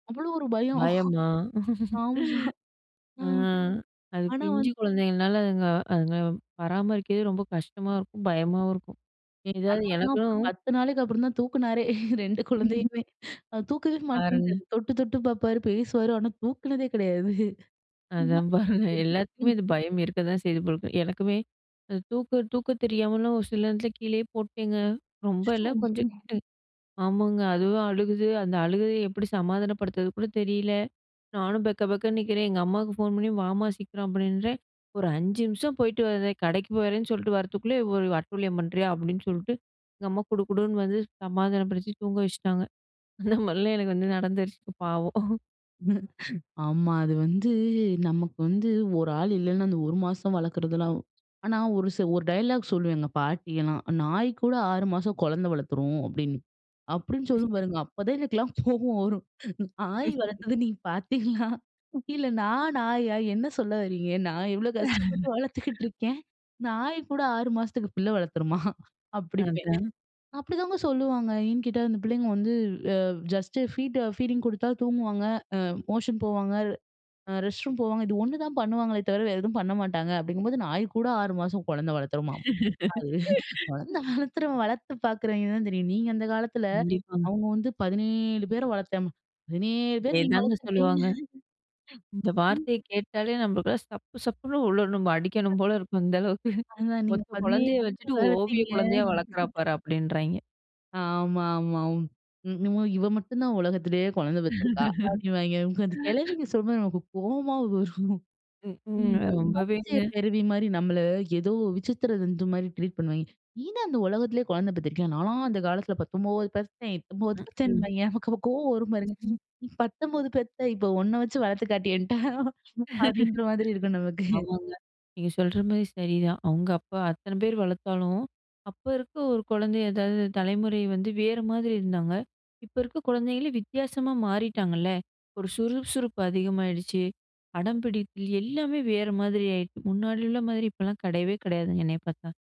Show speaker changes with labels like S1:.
S1: அவ்ளோ ஒரு பயம்.
S2: பயமா?
S1: ஆமா. ஆ
S2: ஆ. அது
S1: ஆனா
S2: பிஞ்சு
S1: வந்
S2: குழந்தைங்கள்னால அதுங்க அதுங்க பராமரிக்கிறதே ரொம்ப கஷ்டமா இருக்கும், பயமாவும் இருக்கும்.
S1: என்
S2: எதாவது
S1: கணவன்லாம் ஒரு
S2: எனக்கும்
S1: 1௦ நாளைக்கு அப்புறம் தான் தூக்குனாரே! 2 குழந்தையுமே. அ தூக்கவே
S2: பாருங்க.
S1: மாட்டேன்டாரு தொட்டு, தொட்டு பார்ப்பாரு. பேசுவாரு. ஆனா தூக்கினதே கிடையாது
S2: அதான் பாருங்க. எல்லாத்துக்குமே
S1: [unintelligible]
S2: இது பயம் இருக்க தான் செய்து போல்ருக்கு. எனக்குமே அந்த தூக்க தூக்க தெரியாமலும் ஒரு சில நேரத்துல கீழயே போட்டேங்க. ரொம்ப இல்ல,
S1: அச்சச்சோ!
S2: கொஞ்சம் [unintelligible] ஆமாங்க. அதுவும் அழுகுது. அந்த அழுகைய எப்பிடி சமாதானப்படுத்துறது கூட தெரியல. நானும் பெக்க பெக்கன்னு நிக்கிறேன். எங்க அம்மாவுக்கு ஃபோன் பண்ணி, வாம்மா சீக்கிரம் அப்பிடின்றேன், ஒரு 5 நிமிஷம் போயிட்டு வர்றேன், கடைக்கு போறேன்னு சொல்ட்டு வர்றத்துக்குள்ளே, ஒரு அட்டுழியம் பண்றியா! அப்பிடின்னு சொல்ட்டு, எங்க அம்மா குடு குடுன்னு வந்து சமாதானம் படுத்தி தூங்க வச்சுட்டாங்க. அந்த மாரிலாம் எனக்கு வந்து நடந்துருச்சுப் பாவம்.
S1: ஆமா. அது வந்து நமக்கு வந்து ஒரு ஆள் இல்லன்னா, அந்த ஒரு மாசம் வளர்க்கிறதுலாம் ஆனா ஒரு ச ஒரு டயலாக் சொல்லும் எங்க பாட்டி எல்லாம். "நாய் கூட 6 மாசம் குழந்தை வளர்த்துரும்" அப்பிடின்னு. அப்பிடின்னு சொல்லும் பாருங்க. அப்பதான் எனக்குலாம் கோபம் வரும். நாய் வளர்த்தது நீங்க பார்த்தீங்களா? இல்ல நான் நாயா! என்ன சொல்ல வர்றீங்க? நான் இவ்ளோ கஷ்டப்பட்டு வளர்த்துக்கிட்டு இருக்கேன்! நாய்கூட 6 மாசத்துக்கு பிள்ள வளர்த்துருமா? அப்பிடிம்பேன்.
S2: அதான்.
S1: அப்பிடிதாங்க சொல்லுவாங்க. ஏன்னு கேட்டா, அந்த பிள்ளைங்க வந்து அ ஜஸ்ட்டு ஃபீட், ஃபீடிங் குடுத்தா தூங்குவாங்க. அ மோஷன் போவாங்க. அ ரெஸ்ட் ரூம் போவாங்க. இது ஒண்ணு தான் பண்ணுவாங்களே! தவிர, வேற எதுவும் பண்ண மாட்டாங்க அப்பிடிங்கும்போது, நாய் கூட 6 மாசம் குழந்த வளர்த்துமாம். அது குழந்தை வளர்த்துறவன், வளர்த்து பார்க்குறவங்க தான் தெரியும். நீங்க அந்த காலத்தில,
S2: கண்டிப்பாங்க.
S1: அவுங்க வந்து 17 பேர வளர்த்தம், 17 பேர் நீங்க
S2: இதேதாங்க
S1: வளர்த்திருப்பீங்க.
S2: சொல்லுவாங்க. இந்த
S1: ம்.
S2: வார்த்தைய கேட்டாலே நம்மளுக்கு சப்பு சப்புன்னு உள்ளுர்ணும், நம்ம அடிக்கணும் போல இருக்கும். இந்த அளவுக்கு
S1: [unintelligible] அத நீங்க
S2: ஒத்த
S1: 17
S2: குழந்தைய
S1: [unintelligible]
S2: வச்சுட்டு,
S1: வளத்தீங்க!
S2: ஓவியக் குழந்தையா வளர்க்குறா பாரு! அப்பிடின்றாங்க.
S1: ஆமா, ஆமா. என்னவோ இவ மட்டுந்தான் உலகத்திலேயே குழந்த பெத்துருக்கா! அப்பிடின்னுவாங்க உக்காந்து, அந்த கிழவிங்க சொல்லும்போது நமக்கு கோவமா வரும்.
S2: ம்க்ம்.
S1: [unintelligible] அதிசய
S2: ரொம்பவேங்க.
S1: பிறவிமாரி நம்மள ஏதோ விசித்திர தந்துமாரி ட்ரீட் பண்ணுவாங்க. நீதா இந்த உலகத்திலேயே குழந்தை பெத்துருக்கியா? நான்லாம் அந்த காலத்தில் 19 பெத்தேன், 19 பெத்தேன்,
S2: ம்க்ம்.
S1: பெத்தேன்பாங்கே! நமக்கு அப்ப கோவம் வரும் பாருங்க.
S2: [unintelligible]
S1: நீ 19 பெத்த! இப்ப ஒண்ண வச்சு வளர்த்து காட்டு என்ட்ட, அப்பிடின்ற மாதிரி இருக்கும் நமக்கு.
S2: ஆமாங்க. நீங்க சொல்றமாரி சரிதான். அவுங்க அப்ப அத்தனை பேரு வளர்த்தாலும், அப்ப இருக்க ஒரு குழந்தை ஏதாவது தலைமுறை வந்து வேற மாதிரி இருந்தாங்க. இப்போ இருக்க குழந்தைங்களே வித்தியாசமா மாறிட்டாங்கல்ல. ஒரு சுறுசுறுப்பு அதிகமாகிடுச்சு. அடம்பிடிப்பில் எல்லாமே வேற மாதிரி ஆயிடுச்சு. முன்னாடி உள்ள மாதிரி இப்பல்லாம் கிடையவே கிடையாதுங்க, என்னைய பார்த்தா!